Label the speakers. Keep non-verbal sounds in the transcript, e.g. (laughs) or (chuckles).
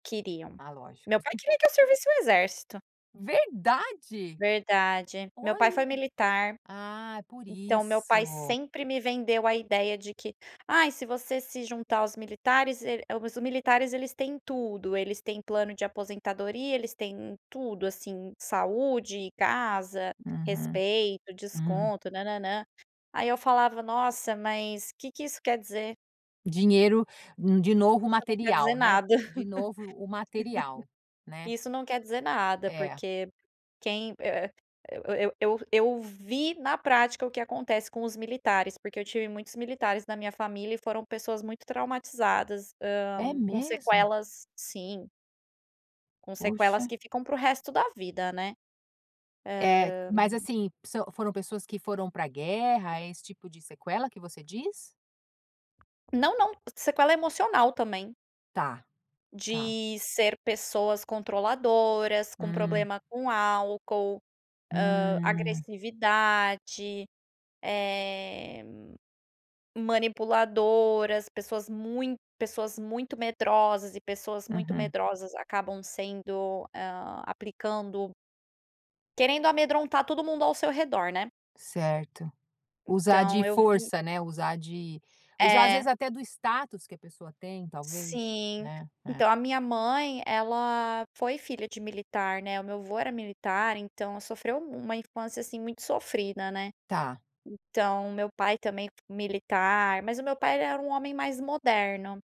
Speaker 1: Queriam.
Speaker 2: Ah, lógico.
Speaker 1: Meu pai
Speaker 2: (chuckles)
Speaker 1: queria que eu servisse o exército.
Speaker 2: Verdade?
Speaker 1: Verdade. Meu pai foi
Speaker 2: Olha!
Speaker 1: militar,
Speaker 2: Ah, por
Speaker 1: então meu pai
Speaker 2: isso.
Speaker 1: sempre me vendeu a ideia de que: "Ai, se você se juntar aos militares, el Os militares eles têm tudo, eles têm plano de aposentadoria, eles têm tudo, assim, saúde, casa,
Speaker 2: Uhum,
Speaker 1: respeito,
Speaker 2: hum.
Speaker 1: desconto, nã-nã-nã". Eu falava: "Nossa, mas que que isso quer dizer?"
Speaker 2: Dinheiro hum, de novo o
Speaker 1: Isso não quer dizer
Speaker 2: material, né.
Speaker 1: nada.
Speaker 2: De novo o material,
Speaker 1: (laughs)
Speaker 2: né.
Speaker 1: Isso não quer dizer nada,
Speaker 2: É.
Speaker 1: porque quem eh, eu eu eu vi na prática o que acontece com os militares. Porque eu tive muitos militares na minha família e foram pessoas muito traumatizadas, hã,
Speaker 2: É
Speaker 1: com
Speaker 2: mesmo?
Speaker 1: sequelas sim. Com sequelas
Speaker 2: Poxa.
Speaker 1: que ficam para o resto da vida, né.
Speaker 2: Eh,
Speaker 1: Hã.
Speaker 2: mas assim, se o foram pessoas que foram pra guerra, é esse tipo de sequela que você diz?
Speaker 1: Não, não. Sequela emocional, também.
Speaker 2: Tá, tá.
Speaker 1: De ser pessoas controladoras, com
Speaker 2: Hum.
Speaker 1: problema com álcool, hã,
Speaker 2: Hum.
Speaker 1: agressividade, eh, manipuladoras, pessoas mui pessoas muito medrosas e pessoas muito
Speaker 2: Uhum.
Speaker 1: medrosas acabam sendo hã, aplicando Querendo amedrontar todo mundo ao seu redor, né?
Speaker 2: Certo. Usar
Speaker 1: Então
Speaker 2: de
Speaker 1: eu vi
Speaker 2: força, né, usar de usar às vezes
Speaker 1: É.
Speaker 2: até do status que a pessoa tem talvez,
Speaker 1: Sim.
Speaker 2: né, é.
Speaker 1: Então, a minha mãe, ela foi filha de militar, né, o meu avô era militar. Então ela sofreu mu uma infância, assim, muito sofrida, né.
Speaker 2: Tá.
Speaker 1: Então o meu pai também f militar. Mas o meu pai era um homem mais moderno.